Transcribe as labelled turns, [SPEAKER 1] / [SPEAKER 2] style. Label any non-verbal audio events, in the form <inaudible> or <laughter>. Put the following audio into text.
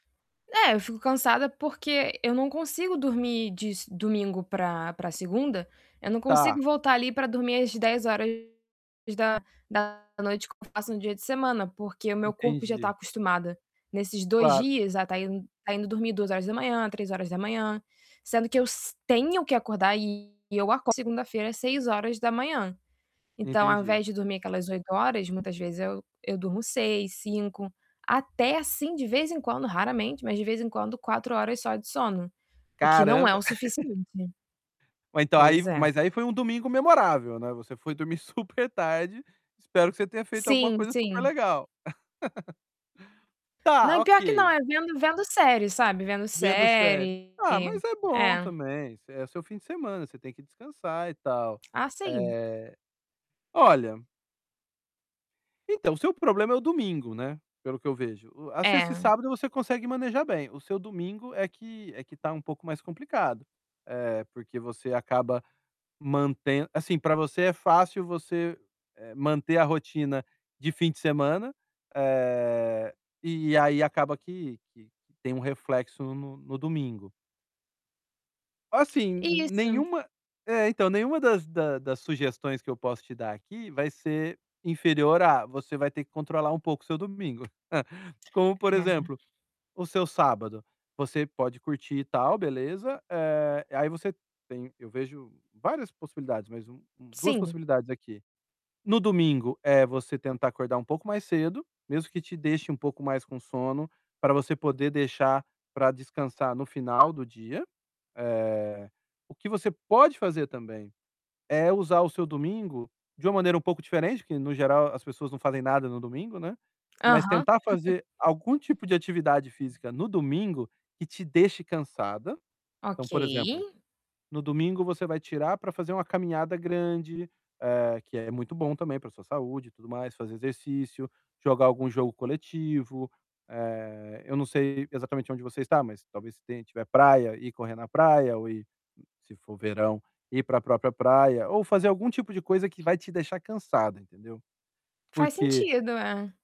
[SPEAKER 1] É, eu fico cansada porque eu não consigo dormir de domingo pra pra segunda, eu não consigo
[SPEAKER 2] Tá.
[SPEAKER 1] voltar ali pra dormir às 22:00 que eu faço no dia de semana, porque o meu corpo já tá
[SPEAKER 2] Entendi.
[SPEAKER 1] acostumado nesses 2
[SPEAKER 2] Claro.
[SPEAKER 1] dias a estar indo estar indo dormir 02:00, 03:00, sendo que eu s tenho que acordar e eu acordo segunda-feira 06:00. Então ao
[SPEAKER 2] Entendi.
[SPEAKER 1] invés de dormir aquelas 8 horas, muitas vezes eu eu durmo 6, 5. Até assim, de vez em quando, raramente, mas de vez em quando, 4 horas só de sono, o que não é
[SPEAKER 2] Caramba!
[SPEAKER 1] o
[SPEAKER 2] <chuckles>
[SPEAKER 1] suficiente.
[SPEAKER 2] Ou então aí
[SPEAKER 1] Pois é.
[SPEAKER 2] mas aí foi um domingo memorável, né? Você foi dormir super tarde. Espero que você tenha feito alguma
[SPEAKER 1] Sim,
[SPEAKER 2] coisa super
[SPEAKER 1] sim.
[SPEAKER 2] legal. <laughs> Tá,
[SPEAKER 1] Não, pior que não.
[SPEAKER 2] ok.
[SPEAKER 1] É vendo vendo série, sabe? Vendo
[SPEAKER 2] Vendo série.
[SPEAKER 1] série.
[SPEAKER 2] Ah, mas é bom
[SPEAKER 1] É.
[SPEAKER 2] também. É seu fim de semana, você tem que descansar e tal.
[SPEAKER 1] Ah, sim.
[SPEAKER 2] Eh, olha então o seu problema é o domingo, né, pelo que eu vejo. A sexta e
[SPEAKER 1] É.
[SPEAKER 2] sábado você consegue manejar bem, o seu domingo é que é que tá um pouco mais complicado, eh, porque você acaba mantem assim, pra você é fácil você, eh, manter a rotina de fim de semana, eh, e aí acaba que que tem um reflexo no no domingo. Assim, n
[SPEAKER 1] Isso.
[SPEAKER 2] nenhuma é, então nenhuma das da das sugestões que eu posso te dar aqui vai ser inferior a: "Você vai ter que controlar um pouco o seu domingo". <chuckles> Como, por
[SPEAKER 1] É.
[SPEAKER 2] exemplo, o seu sábado, você pode curtir e tal, beleza. Eh, aí você tem eu vejo várias possibilidades, mas um um 2
[SPEAKER 1] Sim.
[SPEAKER 2] possibilidades aqui. No domingo, é você tentar acordar um pouco mais cedo, mesmo que te deixe um pouco mais com sono, pra você poder deixar pra descansar no final do dia. Eh, o que você pode fazer também é usar o seu domingo de uma maneira um pouco diferente, porque no geral as pessoas não fazem nada no domingo, né.
[SPEAKER 1] Aham.
[SPEAKER 2] Mas
[SPEAKER 1] <chuckles>
[SPEAKER 2] tentar fazer algum tipo de atividade física no domingo que te deixe cansada. Então,
[SPEAKER 1] Ok.
[SPEAKER 2] por exemplo, no domingo você vai tirar pra fazer uma caminhada grande, eh, que é muito bom também pra sua saúde e tudo mais, fazer exercício, jogar algum jogo coletivo. Eh, eu não sei exatamente onde você está, mas talvez se tem se tiver praia, ir correr na praia ou ir, se for verão, ir pra própria praia ou fazer algum tipo de coisa que vai te deixar cansada, entendeu?
[SPEAKER 1] Faz
[SPEAKER 2] Porque
[SPEAKER 1] sentido, é.